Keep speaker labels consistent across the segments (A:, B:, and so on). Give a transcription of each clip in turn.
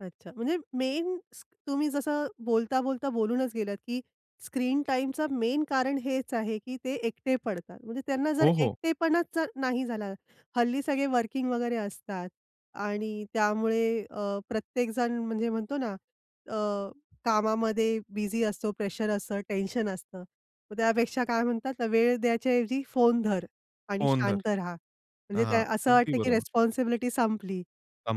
A: अच्छा. म्हणजे मेन तुम्ही जसं बोलता बोलता बोलूनच गेलात की स्क्रीन टाईमचं मेन कारण हेच आहे की ते एकटे पडतात. म्हणजे त्यांना जर
B: हो, हो.
A: एकटेपणाच नाही झाला, हल्ली सगळे वर्किंग वगैरे असतात आणि त्यामुळे अ, प्रत्येक जण म्हणजे म्हणतो ना अ, कामामध्ये बिझी असतो प्रेशर असतं, टेन्शन असतं. मग त्यापेक्षा काय म्हणतात वेळ द्यायच्या ऐवजी फोन धर आणि
B: फोन धर.
A: शांत रहा. म्हणजे
B: हां,
A: त्या असं
B: अगदी
A: वाटत, की
B: बरोबर.
A: रिस्पॉन्सिबिलिटी संपली.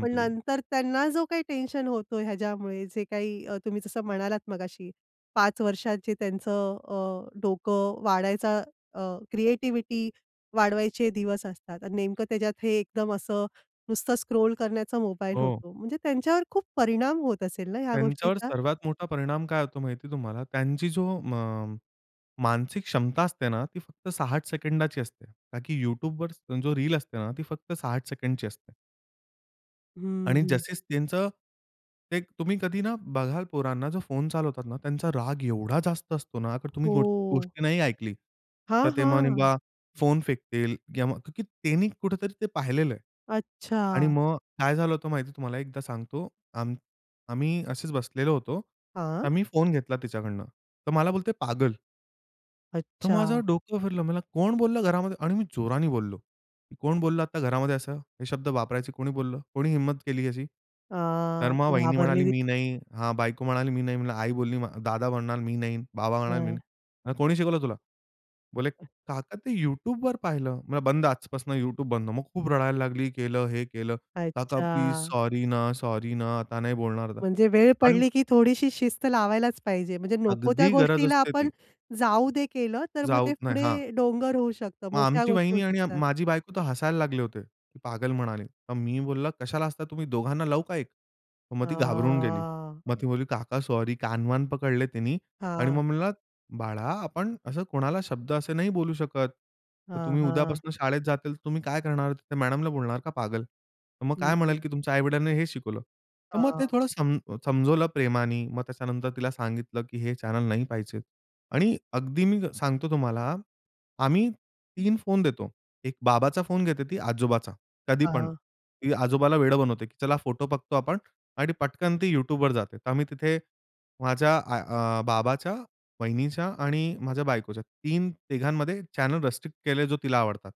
A: पण नंतर त्यांना जो काही टेन्शन होतो ह्याच्यामुळे जे काही अ, तुम्ही जसं म्हणालात मगाशी 5 वर्षात जे त्यांचं अ, डोकं वाढायचा अ, क्रिएटिव्हिटी वाढवायचे दिवस असतात आणि नेमकं त्याच्यात हे एकदम असं नुसतं स्क्रोल करण्याचा मोबाईल
B: हो.
A: होतो म्हणजे त्यांच्यावर खूप परिणाम होत असेल ना, या
B: त्यांच्यावर
A: गोष्टीचा?
B: सर्वात मोठा परिणाम काय होतो माहिती तुम्हाला त्यांची जो अ, म मानसिक क्षमता असते ना, ती फक्त 60 सेकंदाची असते. का की YouTubeवर जो रील असते ना ती फक्त 60 सेकंदची असते.
A: हं,
B: आणि
A: हं.
B: जसेच त्यांचं ते तुम्ही कधी ना बघाल पोरांना जो फोन चालवतात ना, त्यांचा राग एवढा जास्त असतो ना अगर तुम्ही गो
A: हो.
B: गोष्टी नाही ऐकली.
A: हां,
B: तर ते मग
A: हां.
B: नाही [unintelligible] फोन फेकतील किंवा मग का की त्यांनी कुठेतरी ते पाहिलेलंय. आणि
A: अच्छा.
B: मग काय झालं होतं माहिती तुम्हाला एकदा सांगतो. आम आम्ही असेच बसलेलो होतो.
A: हां.
B: तर मी फोन घेतला तिच्याकडनं. तर मला बोलते पागल. तर माझं
A: अच्छा.
B: डोकं फिरलं. मला कोण बोललं घरामध्ये आणि मी जोराने बोललो. कोण बोललं आता घरामध्ये असं, हे शब्द वापरायचे कोणी बोललं, कोणी हिम्मत केली अशी? तर
A: हां.
B: मग वहिनी
A: घाबरली
B: म्हणाली,
A: ती.
B: "मी नाही," हा बायको म्हणाली, "मी नाही," म्हणलं आई बोलली दादा म्हणाला, "मी नाही," बाबा म्हणाले, "मी
A: हां.
B: नाही." "कोणी शिकवलं तुला?" बोले काका ते YouTubeवर पाहिलं म्हणलं, "बंद आजपासून YouTube बंद." मग खूप रडायला लागली केलं हे केलं "काका प्लीज,
A: अच्छा!
B: सॉरी ना, सॉरी ना, आता नाही बोलणार"
A: म्हणजे वेळ
B: पण
A: पडली की थोडीशी शिस्त लावायलाच पाहिजे म्हणजे नको त्या
B: अगदी गरज
A: गोष्टीला
B: असते
A: आपण
B: ती.
A: जाऊ दे केलं, तर मग ते
B: जाऊत नाही. हां.
A: पुढे डोंगर होऊ शकतं
B: मग
A: मोठ्या
B: आमची
A: गोष्टी होऊ
B: वाहिनी आणि
A: शकतात.
B: माझी बायको तर हसायला लागले होते की पागल म्हणाले. मग मी बोललं, "कशाला हसता तुम्ही दोघांना लाऊ का एक." मग ती घाबरून गेली.
A: हां.
B: मग ती म्हणाली, "काका सॉरी," कान-वान पकडले तिनी आणि
A: हां.
B: मग म्हणलं, "बाळा, आपण असं कोणाला शब्द असे नाही बोलू शकत, तर
A: हां,
B: तुम्ही
A: हां.
B: उद्यापासून शाळेत जातील तर तुम्ही काय करणार? मॅडमला बोलणार का पागल? तर मग
A: हं,
B: काय म्हणेल,
A: हं.
B: की 'तुमच्या आई-वडीलांनी हे शिकवलं.'" तर मग ते
A: हां.
B: थोडं सम समजवलं प्रेमानी मग त्याच्यानंतर तिला सांगितलं, की हे चॅनेल नाही पाहिजे आणि अगदी मी सांगतो तुम्हाला, आम्ही 3 फोन देतो. एक बाबाचा फोन घेते ती आजोबाचा कधी
A: हां,
B: पण
A: हां.
B: ती आजोबाला वेडं बनवते, की चला फोटो बघतो आपण आणि पटकन ती YouTubeवर जाते. तर आम्ही तिथे माझ्या अ, आ बाबाच्या, वहिनीच्या आणि माझ्या बायकोच्या तीन तिघांमध्ये चॅनेल रिस्ट्रिक्ट केले जो तिला आवडतात.